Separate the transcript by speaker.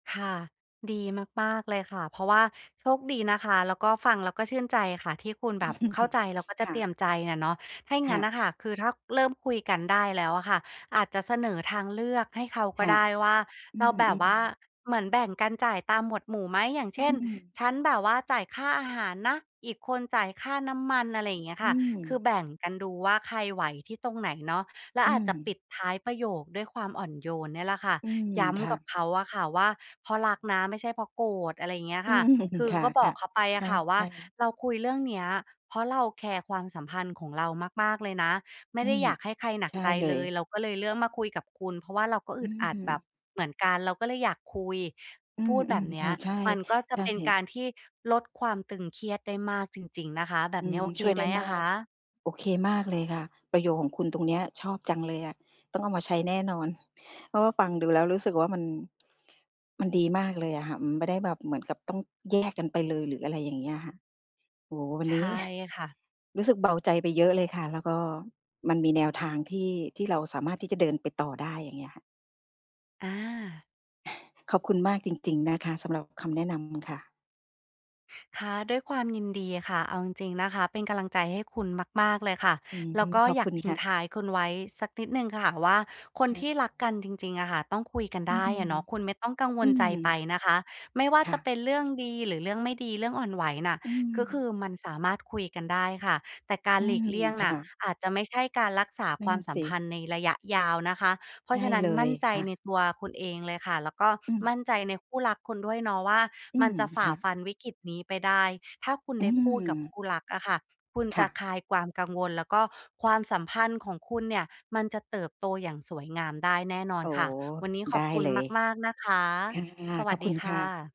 Speaker 1: ค่ะ ดีมาก ๆ เลยค่ะ เพราะว่าโชคดีนะคะ แล้วก็ฟังแล้วก็ชื่นใจค่ะ ที่คุณแบบเข้าใจแล้วก็จ
Speaker 2: ค
Speaker 1: ะ
Speaker 2: ่
Speaker 1: เตร
Speaker 2: ะ
Speaker 1: ียมใจอะเนาะ ถ้า
Speaker 2: ค
Speaker 1: ง
Speaker 2: ่
Speaker 1: ั้
Speaker 2: ะ
Speaker 1: นน่ะค่ะ คือถ้าเริ่มคุยกันได้แล้วอะค่ะ อาจจะเสนอทางเลือกให้เขาก
Speaker 2: ค
Speaker 1: ็
Speaker 2: ่ะ
Speaker 1: ได้ว่า
Speaker 2: อื
Speaker 1: เราแบบ
Speaker 2: ม
Speaker 1: ว่า
Speaker 2: ๆ
Speaker 1: เหมือนแบ่งกันจ่ายตามหมวดหมู่ไหม อย่าง
Speaker 2: อ
Speaker 1: เ
Speaker 2: ื
Speaker 1: ช่น
Speaker 2: ม
Speaker 1: "ฉันแบบว่าจ่ายค่าอาหารนะ อีกคนจ่ายค่าน้ำมัน" อะไรอย่างเงี้ย
Speaker 2: อื
Speaker 1: ค่ะ คือ
Speaker 2: ม
Speaker 1: แบ่งกันดูว่าใครไหวที่ตรงไหนเนาะ แล้ว
Speaker 2: อื
Speaker 1: อาจจะป
Speaker 2: ม
Speaker 1: ิดท้ายประโยคด้วยความอ่อนโยนเนี่ยแหละค่ะ
Speaker 2: อืม
Speaker 1: ย้
Speaker 2: ค่
Speaker 1: ำกับ
Speaker 2: ะ
Speaker 1: เขาอะค่ะว่า "เพราะรักนะ ไม่ใช่เพราะโกรธ" อะไรอย่างเงี้ย
Speaker 2: อื
Speaker 1: ค่ะ
Speaker 2: ม
Speaker 1: คือ
Speaker 2: ค่
Speaker 1: ก็บอ
Speaker 2: ะ
Speaker 1: กเขาไป
Speaker 2: ๆ ใ
Speaker 1: อ
Speaker 2: ช
Speaker 1: ะค่ะว่า
Speaker 2: ่ ๆ
Speaker 1: "เราคุยเรื่องเนี้ย เพราะเราแคร์ความสัมพันธ์ของเรามาก ๆ เลยนะ ไม
Speaker 2: อ
Speaker 1: ่
Speaker 2: ื
Speaker 1: ได้
Speaker 2: ม
Speaker 1: อยากให้ใครหนั
Speaker 2: ใช
Speaker 1: ก
Speaker 2: ่
Speaker 1: ใจ
Speaker 2: เล
Speaker 1: เล
Speaker 2: ย
Speaker 1: ย เราก็เลยเลือกมาคุยกับคุณ เพราะว่าเราก็อ
Speaker 2: อื
Speaker 1: ึดอัดแบ
Speaker 2: อ
Speaker 1: บ เหมือนกัน เราก็เลยอยากคุย"
Speaker 2: อื
Speaker 1: พูดแบ
Speaker 2: ม
Speaker 1: บเน
Speaker 2: ๆ ค
Speaker 1: ี้
Speaker 2: ่
Speaker 1: ย
Speaker 2: ะ ใช่
Speaker 1: มันก็จ
Speaker 2: ใ
Speaker 1: ะ
Speaker 2: ช่
Speaker 1: เป็นการที่ลดความตึงเครียดได้มากจริง ๆ นะคะ แบ
Speaker 2: อ
Speaker 1: บ
Speaker 2: ื
Speaker 1: เนี้
Speaker 2: ม
Speaker 1: ยโอเค
Speaker 2: ช่วย
Speaker 1: ไ
Speaker 2: ได
Speaker 1: หม
Speaker 2: ้
Speaker 1: อ
Speaker 2: ม
Speaker 1: ะ
Speaker 2: า
Speaker 1: ค
Speaker 2: ก
Speaker 1: ะ?
Speaker 2: โอเคมากเลยค่ะ ประโยคของคุณตรงเนี้ยชอบจังเลยอะ ต้องเอามาใช้แน่นอน เพราะว่าฟังดูแล้วรู้สึกว่ามัน มันดีมากเลยอะค่ะ มันไม่ได้แบบเหมือนกับต้องแยกกันไปเลย หรืออะไรอย่างเงี้ยค่ะ โอ้โฮ วัน
Speaker 1: ใช
Speaker 2: นี้
Speaker 1: ่ค่ะ
Speaker 2: รู้สึกเบาใจไปเยอะเลยค่ะ แล้วก็มันมีแนวทางที่ ที่เราสามารถที่จะเดินไปต่อได้ อย่างเงี้ยค่ะ
Speaker 1: อา
Speaker 2: ขอบคุณมากจริง ๆ นะคะสำหรับคำแนะนำค่ะ
Speaker 1: ค่ะ ด้วยความยินดีค่ะ เอาจริง ๆ นะคะ เป็นกำลังใจให้ คุณมาก ๆ เลยค่ะ
Speaker 2: อืม
Speaker 1: แล้วก็
Speaker 2: ขอบ
Speaker 1: อย
Speaker 2: ค
Speaker 1: าก
Speaker 2: ุณ
Speaker 1: ทิ
Speaker 2: ค
Speaker 1: ้ง
Speaker 2: ่ะ
Speaker 1: ท้ายคุณไว้สักนิดหนึ่งค่ะว่า คน
Speaker 2: ค่
Speaker 1: ที่รัก
Speaker 2: ะ
Speaker 1: กันจริง ๆ อะค่ะ ต้อง คุยกัน
Speaker 2: อื
Speaker 1: ได
Speaker 2: อ
Speaker 1: ้อะเนาะ คุณไม่ต้องกังว
Speaker 2: อื
Speaker 1: ลใจไป
Speaker 2: ม
Speaker 1: นะคะ ไม่ว่า
Speaker 2: ค่
Speaker 1: จะเป
Speaker 2: ะ
Speaker 1: ็นเรื่องดีหรือเรื่องไม่ดี เรื่องอ่อนไหวน่ะ
Speaker 2: อื
Speaker 1: ก็ค
Speaker 2: ม
Speaker 1: ือมันสามารถ คุยกันได้ค่ะ แต่กา
Speaker 2: อ
Speaker 1: ร
Speaker 2: ื
Speaker 1: หลี
Speaker 2: ม
Speaker 1: กเลี่ยง
Speaker 2: ค
Speaker 1: น
Speaker 2: ่
Speaker 1: ่ะ
Speaker 2: ะ
Speaker 1: อาจจะไม่ใช่การรักษา
Speaker 2: น
Speaker 1: ค
Speaker 2: ั่
Speaker 1: ว
Speaker 2: น
Speaker 1: ามส
Speaker 2: ส
Speaker 1: ัม
Speaker 2: ิ
Speaker 1: พันธ์ในระยะยาวนะคะ เพร
Speaker 2: ใช
Speaker 1: าะ
Speaker 2: ่
Speaker 1: ฉะนั้
Speaker 2: เ
Speaker 1: น
Speaker 2: ล
Speaker 1: มั
Speaker 2: ย
Speaker 1: ่นใจ
Speaker 2: ค่
Speaker 1: ใน
Speaker 2: ะ
Speaker 1: ตัวคุณเองเลยค่ะ แล้วก็
Speaker 2: อื
Speaker 1: ม
Speaker 2: ม
Speaker 1: ั่นใจในคู่รักคุณด้วยเนาะว่า
Speaker 2: อื
Speaker 1: มัน
Speaker 2: ม
Speaker 1: จะฝ
Speaker 2: ค
Speaker 1: ่า
Speaker 2: ่ะ
Speaker 1: ฟันวิกฤตนี้ไปได้ ถ้าคุณ
Speaker 2: อื
Speaker 1: ได้
Speaker 2: ม
Speaker 1: พูดกับคู่รักอะค่ะ คุณ
Speaker 2: ค
Speaker 1: จ
Speaker 2: ่
Speaker 1: ะ
Speaker 2: ะ
Speaker 1: คลายความกังวล แล้วก็ความสัมพันธ์ของ คุณเนี่ยมันจะเติบโตอย่างสวยงามได้แน่นอ
Speaker 2: อ
Speaker 1: น
Speaker 2: ๋อ
Speaker 1: ค่ะ วันนี้
Speaker 2: ไ
Speaker 1: ข
Speaker 2: ด้
Speaker 1: อบคุ
Speaker 2: เ
Speaker 1: ณ
Speaker 2: ลย
Speaker 1: มาก ๆ นะคะ
Speaker 2: ค่ะ
Speaker 1: สว
Speaker 2: ข
Speaker 1: ั
Speaker 2: อ
Speaker 1: ส
Speaker 2: บค
Speaker 1: ด
Speaker 2: ุ
Speaker 1: ี
Speaker 2: ณ
Speaker 1: ค
Speaker 2: ค
Speaker 1: ่
Speaker 2: ่ะ
Speaker 1: ะ